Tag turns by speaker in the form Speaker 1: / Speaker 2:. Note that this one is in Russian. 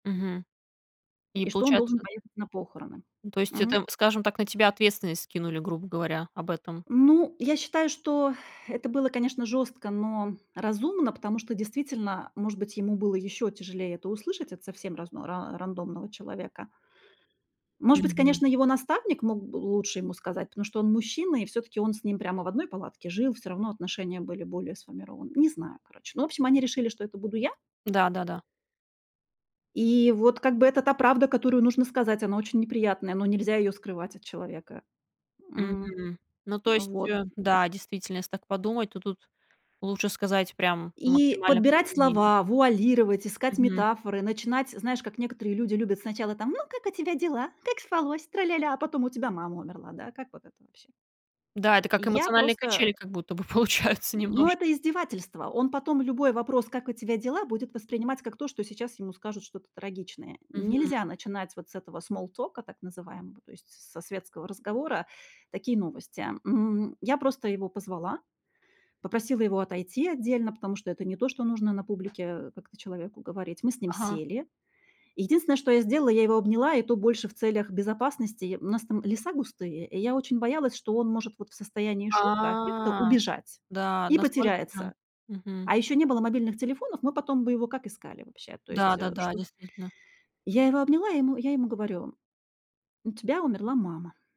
Speaker 1: Мгм. И
Speaker 2: И что он должен
Speaker 1: получается
Speaker 2: поехать на похороны.
Speaker 1: Ну, то есть
Speaker 2: Мгм.
Speaker 1: это, скажем так, на тебя ответственность скинули, грубо говоря, об этом.
Speaker 2: Ну, я считаю, что это было, конечно, жёстко, но разумно, потому что, действительно, может быть, ему было ещё тяжелее это услышать от совсем рас ра рандомного человека. Может быть,
Speaker 1: Мгм.
Speaker 2: конечно, его наставник мог бы лучше ему сказать, потому что он мужчина, и всё-таки он с ним прямо в одной палатке жил, всё равно отношения были более сформированы. Не знаю, короче. Ну, в общем, они решили, что это буду я.
Speaker 1: Да, да-да.
Speaker 2: И вот, как бы, это та правда, которую нужно сказать. Она очень неприятная, но нельзя её скрывать от человека. М,
Speaker 1: Мгм. Ну, то
Speaker 2: м,
Speaker 1: есть,
Speaker 2: вот.
Speaker 1: э, да, действительно, если так подумать, то тут лучше сказать прям
Speaker 2: И
Speaker 1: максимально
Speaker 2: подбирать
Speaker 1: прямолинейно.
Speaker 2: слова, вуалировать, искать
Speaker 1: Мгм.
Speaker 2: метафоры, начинать, знаешь, как некоторые люди любят сначала там, ну: "Как у тебя дела? Как спалось? Тра-ля-ля". А потом: "У тебя мама умерла, да?" Как вот это вообще?
Speaker 1: Да, это как
Speaker 2: Я
Speaker 1: эмоциональные
Speaker 2: просто,
Speaker 1: качели,
Speaker 2: э
Speaker 1: как будто бы получаются
Speaker 2: Н ну, это
Speaker 1: немножко.
Speaker 2: издевательство. Он потом любой вопрос "Как у тебя дела?" Будет воспринимать как то, что сейчас ему скажут что-то трагичное.
Speaker 1: Мгм.
Speaker 2: Нельзя начинать вот с этого смоллтока так называемого, то есть со светского разговора, такие новости. М, я просто его позвала, попросила его отойти отдельно, потому что это не то, что нужно на публике, э, как-то человеку говорить. Мы с ним
Speaker 1: Ага.
Speaker 2: сели. Единственное, что я сделала, я его обняла, и то больше в целях безопасности. У нас там леса густые, и я очень боялась, что он может вот в состоянии
Speaker 1: А,
Speaker 2: шока, аффекта убежать,
Speaker 1: да,
Speaker 2: и
Speaker 1: настолько прям.
Speaker 2: потеряется.
Speaker 1: Мгм.
Speaker 2: А ещё не было мобильных телефонов, мы потом бы его как искали вообще, то
Speaker 1: Да,
Speaker 2: есть, э,
Speaker 1: да-да,
Speaker 2: чтобы
Speaker 1: действительно.
Speaker 2: Я его обняла, я ему я ему говорю: "У тебя умерла мама".